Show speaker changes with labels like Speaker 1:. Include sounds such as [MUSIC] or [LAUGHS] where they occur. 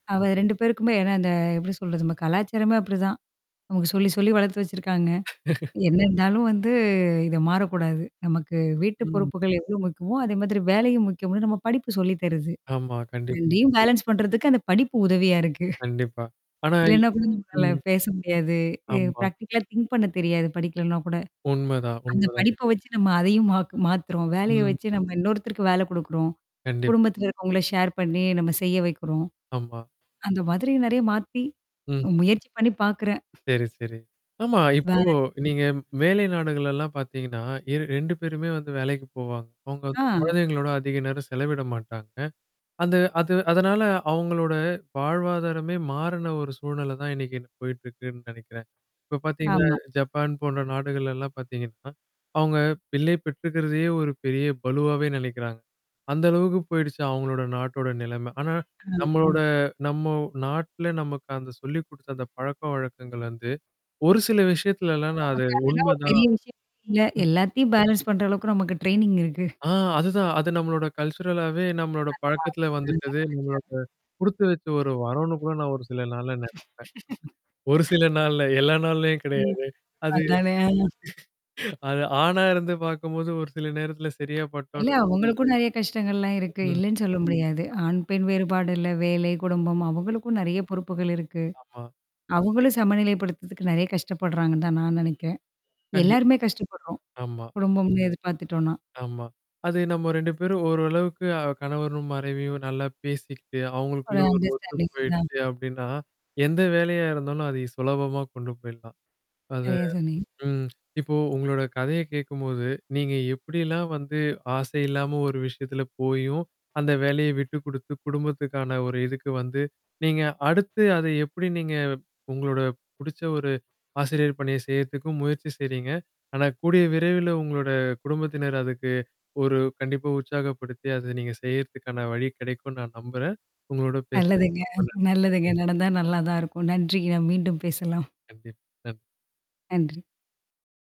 Speaker 1: அவ 2 பேருக்குமே ஏன்னா, அந்த எப்படி சொல்றது? நம்ம கலாச்சாரமே அப்படிதான். அவங்க சொல்லி சொல்லி வளர்த்து வச்சிருக்காங்க.
Speaker 2: [LAUGHS]
Speaker 1: என்ன இருந்தாலும் வந்து இத மாறக்கூடாது. நமக்கு வீட்டு
Speaker 2: ம்.
Speaker 1: பொறுப்புகள் எவ்ளோ முக்கியமோ, அதே மாதிரி வேலையும் முக்கியம்னு நம்ம படிப்பு சொல்லி தருது.
Speaker 2: ஆமா, கண்டிப்பா.
Speaker 1: 2 பேலன்ஸ் பண்றதுக்கு அந்த படிப்பு உதவியா இருக்கு. [CHUCKLES]
Speaker 2: கண்டிப்பா. ஆனா
Speaker 1: இல்லனா கூட நம்மளால
Speaker 2: ம்.
Speaker 1: பேச முடியாது.
Speaker 2: ஆமா.
Speaker 1: பிராக்டிகலா திங்க் பண்ண தெரியாது படிக்கலன்னா கூட.
Speaker 2: உண்மதான்,
Speaker 1: அந்த
Speaker 2: உண்மதான்.
Speaker 1: படிப்ப வச்சு நம்ம அதையும் மாத் மாத்துறோம். வேலைய
Speaker 2: ம்.
Speaker 1: வச்சு நம்ம இன்னொருத்தருக்கு வேல குடுக்குறோம்.
Speaker 2: கண்டிப்பா.
Speaker 1: குடும்பத்துல இருக்கவங்கள ஷேர் பண்ணி நம்ம செய்ய வைக்கிறோம்.
Speaker 2: ஆமா.
Speaker 1: அந்த மாரி நெறைய மாத்தி.
Speaker 2: ம்ஹம்.
Speaker 1: முயற்சி பண்ணி பார்க்குறேன்.
Speaker 2: சரி, சரி. ஆமா.
Speaker 1: வ
Speaker 2: இப்போ
Speaker 1: ம்.
Speaker 2: நீங்க வேலை நாடுகள் எல்லாம் பார்த்தீங்கன்னா, இரு 2 பேருமே வந்து வேலைக்கு போவாங்க. அவங்க வந்து
Speaker 1: ஆ.
Speaker 2: குழந்தைங்களோட அதிக நேரம் செலவிட மாட்டாங்க. அந்த அது அதனால அவங்களோட வாழ்வாதாரமே மாறுன ஒரு சூழ்நில தான் இன்னைக்கு என்ன போயிட்ருக்குன்னு நெனைக்கிறேன். இப்ப பார்த்தீங்கன்னா,
Speaker 1: ஆமா.
Speaker 2: ஜப்பான் போன்ற நாடுகள் எல்லாம் பார்த்தீங்கன்னா. அவங்க பிள்ளை பெற்றுக்கறதையே ஒரு பெரிய பளுவாவே நினைக்கிறாங்க. அந்த அளவுக்கு போயிடுச்சு அவங்களோட நாட்டோட நிலம. ஆனா. நம்மளோட
Speaker 1: [UNINTELLIGIBLE]
Speaker 2: நம்ம நாட்டுல நமக்கு அந்த சொல்லி குடுத்தத அந்த பழக்கவழக்கங்கள்ல வந்து, ஒரு சில விஷயத்துலலாம் நான் அது
Speaker 1: நமக்கு அதெல்லாம் ஒரு
Speaker 2: உண்மைதான்.
Speaker 1: பெரிய விஷயம் இல்ல. எல்லாத்தையும் பேலன்ஸ் பண்ற அளவுக்கு நமக்கு ட்ரெய்னிங் இருக்கு.
Speaker 2: ஆ. அதுதான். அது நம்மளோட கல்ச்சுரலாவே நம்மளோட பழக்கத்தில வந்துட்டது, நம்மளோட குடுத்து வச்ச ஒரு
Speaker 1: [UNINTELLIGIBLE]
Speaker 2: வரம்னு கூட நான் ஒரு சில நாள்ல நெனைப்பேன். ஒரு சில
Speaker 1: [LAUGHS]
Speaker 2: நாள்ல எல்லா நாள்லயும்
Speaker 1: ம்.
Speaker 2: கெடையாது. அது
Speaker 1: அதானே.
Speaker 2: [LAUGHS] அது ஆணா இருந்து பார்க்கும்போது ஒரு சில நேரத்தில சரியா
Speaker 1: இல்ல
Speaker 2: பட்டாலும்
Speaker 1: அவங்களுக்கும் நெறைய கஷ்டங்கள்லாம் இருக்கு.
Speaker 2: ம்.
Speaker 1: இல்லன்னு சொல்ல முடியாது. ஆண், பெண் வேறுபாடுல வேலை, குடும்பம் அவங்களுக்கும் நெறைய பொறுப்புகள் இருக்கு.
Speaker 2: ஆமா.
Speaker 1: அவங்களும் சமநிலைப்படுத்துறதுக்கு நெறைய கஷ்டப்படுறாங்கன்னு தான் நான் நெனைக்கிறேன்.
Speaker 2: கண்டிப்பா.
Speaker 1: எல்லாருமே கஷ்டப்படுறோம்.
Speaker 2: ஆமா.
Speaker 1: குடும்பம்னு எதிர்பார்த்துட்டோம்னா.
Speaker 2: ஆமா. அது நம்ம 2 பேரும் ஓரளவுக்கு அ கணவரும், மனைவியும் நல்லா பேசிக்கிட்டு,
Speaker 1: ஒரு
Speaker 2: அவங்களுக்குள்ள ஒரு ஒத்து
Speaker 1: அண்டர்ஸ்டாண்டிங் தான்.
Speaker 2: போயிடுச்சு அப்படின்னா, எந்த வேலையா இருந்தாலும் அத ஈ சுலபமா கொண்டு போயிடலாம். அது
Speaker 1: சரியா சொன்னீங்க.
Speaker 2: ம். இப்போ உங்களோட கதைய கேட்கும்போது, நீங்க எப்படிலாம் வந்து, ஆசை இல்லாம ஒரு விஷயத்துல போயும், அந்த வேலைய விட்டு குடுத்து குடும்பத்துக்கான ஒரு இதுக்கு வந்து நீங்க அடுத்து அத எப்படி நீங்க உங்களோட புடிச்ச ஒரு ஆசிரியர் பணிய செய்றதுக்கும் முயற்சி செய்றீங்க. ஆனா கூடிய விரைவில உங்களோட குடும்பத்தினர் அதுக்கு ஒரு கண்டிப்பா உற்சாகப்படுத்தி, அத நீங்க செய்றதுக்கான வழி கிடைக்கும்ன்னு நான் நம்புறேன். உங்களோட
Speaker 1: நல்லதுங்க,
Speaker 2: பேசுனதுக்கு ரொம்ப நன்றி.
Speaker 1: நல்லதுங்க. நடந்தா நல்லா தான் இருக்கும். நன்றிங்க, நாம் மீண்டும் பேசலாம்.
Speaker 2: கண்டிப் க
Speaker 1: நன்றி!